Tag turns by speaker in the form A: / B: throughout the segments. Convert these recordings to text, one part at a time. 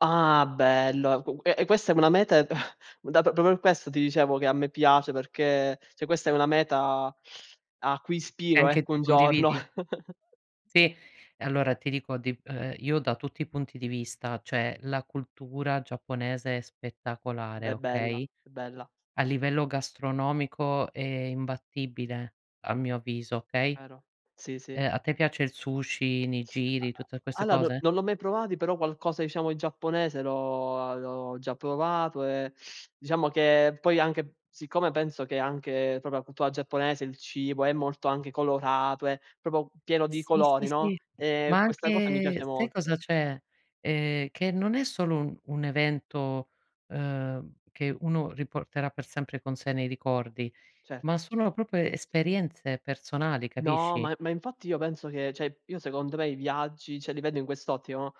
A: Ah bello. Qu e e questa è una meta dato proprio questo ti dicevo che a me piace perché cioè questa è una meta a cui
B: E
A: ispiro,
B: anche
A: ecco,
B: tu
A: un giorno.
B: condividi? Sì. E allora ti dico di ehm, io da tutti i punti di vista, cioè la cultura giapponese è spettacolare,
A: Beh, bella,
B: okay.
A: è bella.
B: A livello gastronomico è imbattibile a mio avviso, okay.
A: Vero, sì, sì.
B: Ehm, a te piace il sushi, i
A: A
B: nigiri, tutte
A: a
B: queste
A: allora no
B: cose?
A: non l'ho mai provati, però qualcosa diciamo in giapponese l'ho a l'ho già provato e diciamo che poi anche siccome penso che anche proprio la cultura giapponese, il cibo è molto anche colorato, è proprio pieno di
B: Sì,
A: colori,
B: sì,
A: no,
B: sì.
A: ehm,
B: Ma
A: questa cosa mi piace
B: anche sai
A: molto.
B: cosa c'è: ehm, che non è solo un un evento, ehm, che uno riporterà per sempre con sé nei ricordi, ma
A: Certo.
B: sono proprio esperienze personali,
A: No,
B: capisci?
A: ma e ma infatti io penso che cioè, io secondo me i viaggi cioè li vedo in quest'ottica, no: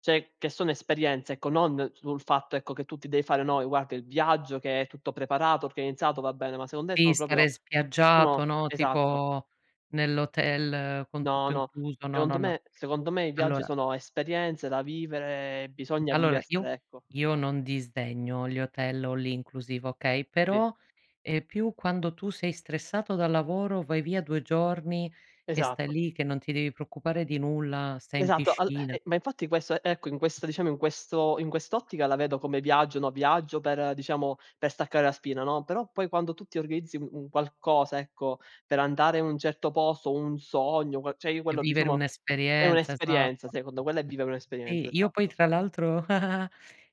A: cioè, che sono esperienze, ecco, non sul fatto, ecco, che tu ti devi fare, no, ehm, guarda il viaggio che è tutto preparato, organizzato, va bene, ma secon me
B: Di
A: sono
B: stare
A: proprio o
B: spiaggiato,
A: no?
B: no,
A: Esatto.
B: tipo nell'hotel con
A: No,
B: tutto
A: no,
B: incluso, no, no,
A: secondo
B: no.
A: me secondo me i viaggi
B: Allora
A: sono esperienze da vivere e bisogna
B: allora io
A: viversele, ecco.
B: io non disdegno gli hotel all-inclusive, okay,
A: Sì.
B: però, ehm, più quando tu sei stressato dal lavoro, vai via 2 giorni e stai
A: Esatto.
B: lì che non ti devi preoccupare di nulla, stai in
A: Esatto, al
B: piscina.
A: e ma infatti questo ecco in questo diciamo in questo in quest'ottica la vedo come viaggio, no, viaggio per diciamo per staccare la spina, no. Però poi quando tu ti organizzi un qualcosa, ecco, per andare in un certo posto, un sogno, que cioè io
B: E
A: quello di
B: vivere
A: soma è
B: un'esperienza,
A: un'esperienza
B: esatto.
A: secondo quella è vivere
B: E
A: un'esperienza,
B: io poi
A: esatto.
B: tra l'altro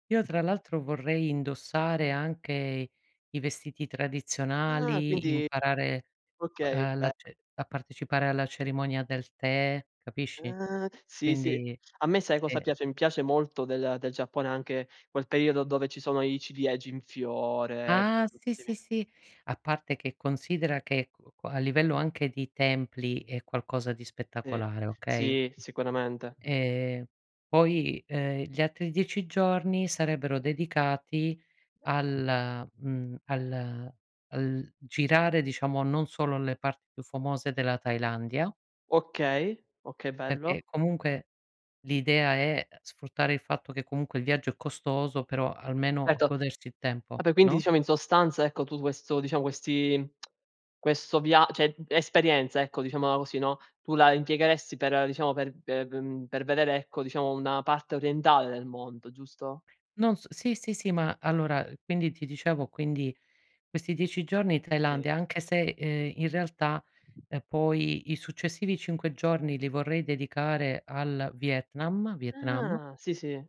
B: io tra l'altro vorrei indossare anche i vestiti
A: Ah
B: tradizionali,
A: quindi
B: imparare,
A: okay,
B: uhm, la
A: beh.
B: ce a partecipare alla cerimonia del tè, capisci.
A: Ah, sì, sì.
B: Quindi,
A: A me sai cosa
B: sì.
A: piace: mi piace molto del del Giappone anche quel periodo dove ci sono i ciliegi in fiore,
B: Ah, sì,
A: bellissimi.
B: sì, sì, A parte che considera che qu qua a livello anche di templi è qualcosa di
A: Eh.
B: spettacolare, okay?
A: Sì sicuramente.
B: Ehm, poi, ehm, gli altri 10 giorni sarebbero dedicati al mhmm, al al girare diciamo non solo le parti più famose della Thailandia
A: Okay, okay bello.
B: perché comunque l'idea è, ehm, sfruttare il fatto che comunque il viaggio è costoso però almeno
A: Certo.
B: godersi il
A: Ah
B: tempo,
A: beh quindi
B: no?
A: diciamo in sostanza ecco tutto questo diciamo questi questo via cioè, uhm, esperienza ecco, diciamola così, no, tu la impiegheresti per diciamo per ehm, mhmm, per vedere ecco diciamo una parte orientale del mondo, giusto?
B: Non s sì, sì, sì, ma allora, ehm, quindi ti dicevo, quindi questi 10 giorni
A: Sì.
B: Thailandia, anche se, ehm, in realtà, ehm, poi i successivi 5 giorni li vorrei dedicare al Vietnam, Vietnam.
A: Ah, sì, sì.